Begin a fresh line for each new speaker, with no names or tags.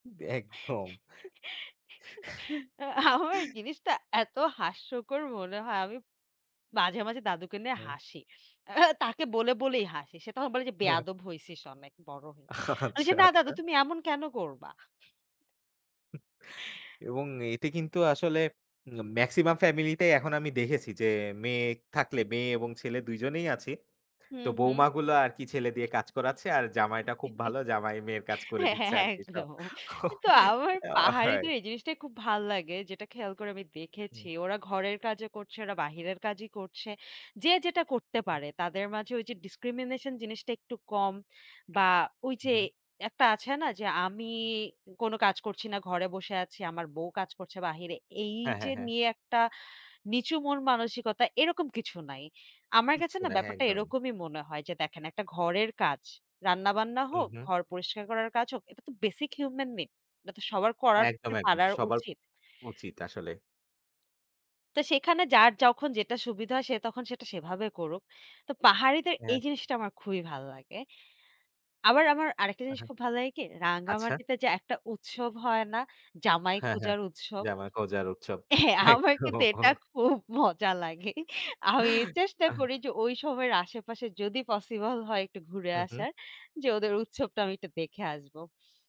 বে একদম।
আ আমার জিনিসটা এত হাস্যকর মনে হয় আমি মাঝে, মাঝে, দাদুকে নিয়ে
হুম।
হাসি। আ তাকে বলে, বলেই হাসি। সে তখন বলে যে, "বেয়াদব হইছিস অনেক বড় হয়ে।" আমি যে,
আচ্ছা,
"না দাদু
আচ্ছা
তুমি এমন কেনো করবা?"
উ এবং এতে কিন্তু আসলে আ মেক্সিমাম ফ্যামিলিতেই এখন আমি দেখেছি যে মেয়ে থাকলে মেয়ে এবং ছেলে ২ জনেই আছি। তো
হুম, হুম।
বউমাগুলা আরকি ছেলে দিয়ে কাজ করাচ্ছে আর জামাইটা খুব ভালো। জামাই মেয়ের কাজ করে দিচ্ছে আরকি সব।
একদম। কিন্তু আমার
অ হায়
পাহাড়িদের এই জিনিসটাই খুব ভাল লাগে, যেটা খেয়াল করে আমি দেখেছি।
হুম।
ওরা ঘরের কাজও করছে ওরা বাহিরের কাজই করছে। যে যেটা করতে
হু, হুম।
পারে তাদের মাঝে ওই যে ডিসক্রিমিনেশন জিনিসটা একটু কম। বা
হু,
ওইযে
হুম।
একটা আছে না যে আমি কোনো কাজ করছি না, ঘরে বসে আছি। আমার বউ কাজ করছে বাহিরে। এই
হ্যাঁ,
যে
হ্যাঁ, হ্যাঁ।
নিয়ে একটা নিচু মন-মানসিকতা এরকম কিছু নাই। আমার কাছে
কিচ্ছু
না
না।
ব্যাপারটা
একদম।
এরকমই মনে হয় যে, দেখেন একটা ঘরের কাজ। রান্না-বান্না
হুম,
হোক,
হুম।
ঘর পরিষ্কার করার কাজ হোক এটা তো basic human make এটা তো সবার করাত
একদম,
তে
একদম।
পারার
সবার
উচিত।
উচিত আসলে।
তো সেখানে যার যখন যেটা সুবিধা হয় সে তখন সেটা সেভাবে করুক। তো পাহাড়িদের এই
হ্যাঁ।
জিনিসটা আমার খুবই ভালো লাগে। আবার আমার আরেকটা জিনিস
আহা
খুব ভালো লাগে কি,
আচ্ছা।
রাঙ্গামাটিতে যে একটা উৎসব হয় না জামাই
হ্যাঁ, হ্যাঁ।
খোঁজার উৎসব?
জামাই খোঁজার উৎসব।
হ্যাঁ। আমার কিন্তু এটা
একদম।
খুব মজা লাগে আমি চেষ্টা
আহ!
করি যে ঐ সময়ের আশেপাশে যদি পসিবল হয় একটু ঘুরে
হুম, হুম।
আসার যে ওদের উৎসবটা আমি একটু দেখে আসবো।